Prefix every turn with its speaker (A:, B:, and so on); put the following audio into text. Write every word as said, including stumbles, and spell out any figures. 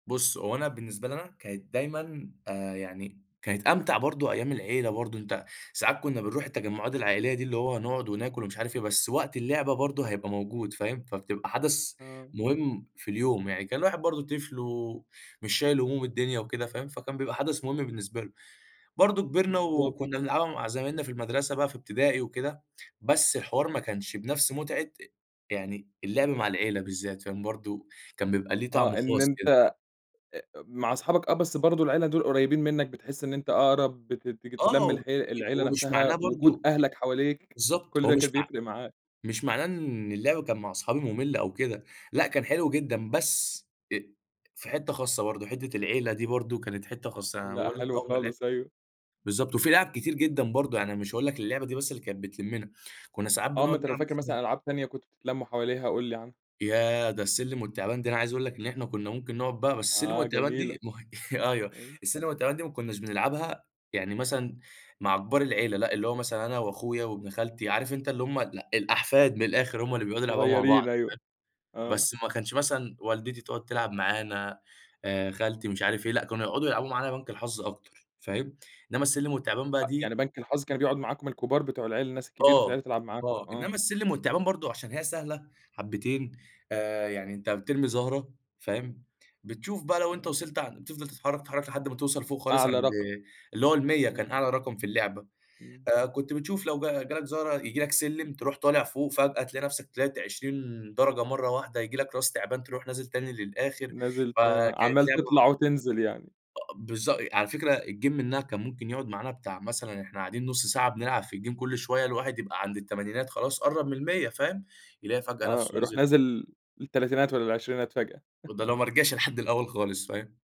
A: بُصّ، هو أنا بالنسبة لي أنا كانت دايمًا، آآ يعني كانت أمتع برضه أيام العيلة برضه، أنت ساعات كنّا بنرُوح التجمُّعات العائلية دي، اللي هو نقعُد وناكُل ومش عارف إيه، بس وقت اللعبة برضه هيبقى موجود فاهم، فبتبقى حدَث
B: آه.
A: مهم في اليوم، يعني كان الواحد برضه طفل ومش شايل هموم الدنيا وكده فاهم، فكان بيبقى حدث مهم بالنسبة له. برضه كبِرنا
B: بالضبط
A: وكنّا نلعبها مع زمايلنا في المدرسة بقى في إبتدائي وكده، بس الحوار ما كانش بنفس متعة يعني اللعب مع العيلة بالذات كان برضه، كان بيبقى ليه طعم
B: آه، إن
A: خاص
B: أنت
A: كده.
B: آآ مع صحابك آه، بس برضه العيلة دول قريّبين منك، بتحس إن أنت أقرَب بتت بتتلم
A: آه،
B: الحي العيلة
A: هو مش
B: نفسها،
A: معناه
B: وجود
A: برضه
B: أهلك حواليك،
A: بالضبط،
B: كل
A: هو
B: ده كان
A: مش مع
B: بيفرِق معاك.
A: مش معناه إن اللعب كانت مع أصحابي ممل أو كده، لأ كان حلو جدًا، بس آآ في حِتّة خاصة برضه، حِتّة العيلة دي برضه كانت حِتّة خاصة، يعني أنا
B: لأ،
A: باقول لك
B: حلو
A: أول ما لعبت
B: خالص، أيوه.
A: بالضبط، وفي لعب كتير جدًا برضه، يعني أنا مش هاقول لك اللعبة دي بس اللي كانت بتلمّنا، كنّا ساعات
B: آه، ما
A: بنقعُد
B: أنت لو فاكر
A: نلعب [unintelligible]
B: مثلًا ألعاب تانية كنتم بتتلمّوا حواليها قُل لي عنها.
A: ياه، ده السلِّم والتِّعبان دي أنا عايز أقول لك إن إحنا كنّا ممكن نقعُد بقى بس السلِّم
B: آه،
A: والتِّعبان
B: جميلة
A: دي م أيوه،
B: ايوه.
A: السلِّم والتِّعبان دي ما كنّاش بنلعبها يعني مثلًا مع كبار العيلة، لأ، اللي هو مثلًا أنا وأخويا وابن خالتي، عارف أنت اللي هُم ال الأحفاد من الآخِر هُم اللي بيقعُدوا يلعبوها مع بعض
B: صغيّرين، أيوه،
A: فاهم،
B: آه.
A: بس ما كانش مثلًا والدتي تقعُد تلعب معانا، آآ خالتي، مش عارف إيه، لأ، كانوا يقعُدوا يلعبوا معانا بنك الحظ أكتر فاهم، إنما السلِّم التِّعبان بقى
B: أ يعني
A: دي
B: بنك الحظ كان بيقعُد معاكم الكبار بتوع العيلة، الناس الكبيرة في
A: آه
B: العيلة تلعب معاكم
A: آه،
B: آه.
A: إنما السلِّم والتِّعبان برضه عشان هي سهلة حبّتين، آآ يعني أنت بترمي زَهرة فاهم، بتشوف بقى لو أنت
B: إمم.
A: وصَلت عن بتفضَل تتحرّك، تتحرّك، تتحرّك لحد ما توصَل فوق خالص
B: أعلى
A: عند
B: رقم،
A: اللي هو المِيّة
B: إمم.
A: كان أعلى رقم في اللعبة،
B: إمم.
A: آآ كنت بتشوف لو جا جه لك زهرة ييجي لك سلِّم ترُوح طالع فوق فجأة تلاقي نفسك طلَعت عشرين درجة مرّة واحدة، ييجي لك راس تِعبان ترُوح نازل تاني للآخِر،
B: نازِل،
A: فكانت
B: عمّال
A: لعبة
B: تطلَع وتنزِل يعني.
A: آه بالضبط، على فكرة الgame منها كان ممكن يقعُد معانا بتاع، مثلًا إحنا قاعدين نُص ساعة بنلعب في الgame كلّ شوية، الواحد يبقى عند التمانينات خلاص قرب من المِيّة فاهم، يلاقي فجأة
B: آه،
A: نفسه
B: يرُوح
A: نزِل.
B: نازل للتلاتينات والّا العشرينات فجأة.
A: وده لو ما رجَعش لحد الأول خالص، فاهم.